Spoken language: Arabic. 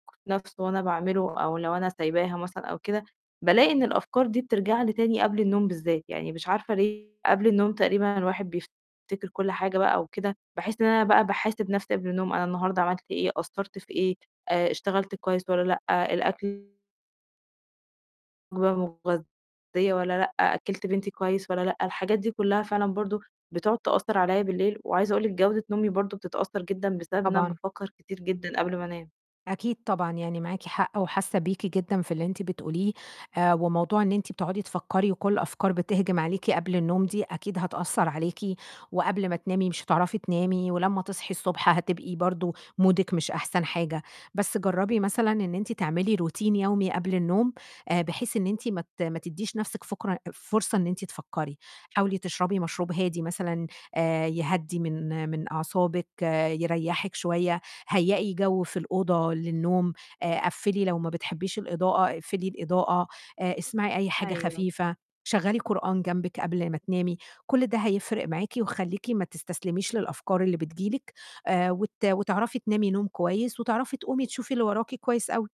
نَفْسه وأنا باعمله أو لو أنا سايباها مثلًا أو كده، بالاقي إن الأفكار دي بترجع لي تاني قبل النوم بالذات، يعني مش عارفة ليه قبل النوم تقريبًا الواحد بيفتكر كلّ حاجة بقى وكده، باحس إن أنا بقى باحاسب نَفْسي قبل النوم، أنا النهارده عملت إيه؟ قصّرت في إيه؟ آآ، اشتغلت كويس والّا لأ؟ الأكل مغ مغذية والّا لأ؟ أكِّلت بنتي كويس والّا لأ؟ الحاجات دي كلّها فعلًا برضو بتقعد تأثّر عليَّ بالليل، وعايزة أقول لِك جودة نومي برضو بتتأثّر جدًا بسبب إن أنا طبعًا. بافكّر كتير جدًا قبل ما انام. أكيد طبعًا يعني معاكِ حق وحاسّة بيكِ جدًا في اللي أنتِ بتقوليه، آآ، وموضوع إن أنتِ بتقعدي تفكّري وكلّ الأفكار بتهجم عليكِ قبل النوم دي أكيد هتأثّر عليكِ، وقبل ما تنامي مش هتعرفي تنامي، ولمّا تصحي الصبح هتبقي برضو مودِك مش أحسن حاجة، بس جرّبي مثلًا إن أنتِ تعملي routine يومي قبل النوم، آآ، بحيث إن أنتِ ما ت ما تديش نَفسِك فُكرة فرصة إن أنتِ تفكّري، حاولي تشربي مشروب هادي مثلًا، آآ، يهدّي من من أعصابِك، يريّحِك شوية، هيئي جو في الأوضة للنوم، آآ، قفّلي لو ما بتحبيش الإضاءة، اقفلي الإضاءة، آآ اسمعي أي حاجة أيوه. خفيفة، شغّلي قرآن جنبِك قبل ما تنامي، كلّ ده هيفرِق معاكِ وخلّيكِ ما تستسلميش للأفكار اللي بتيجي لِك، آآ وت وتعرفي تنامي نوم كويس، وتعرفي تقومي تشوفي اللي وراكِ كويس أوي.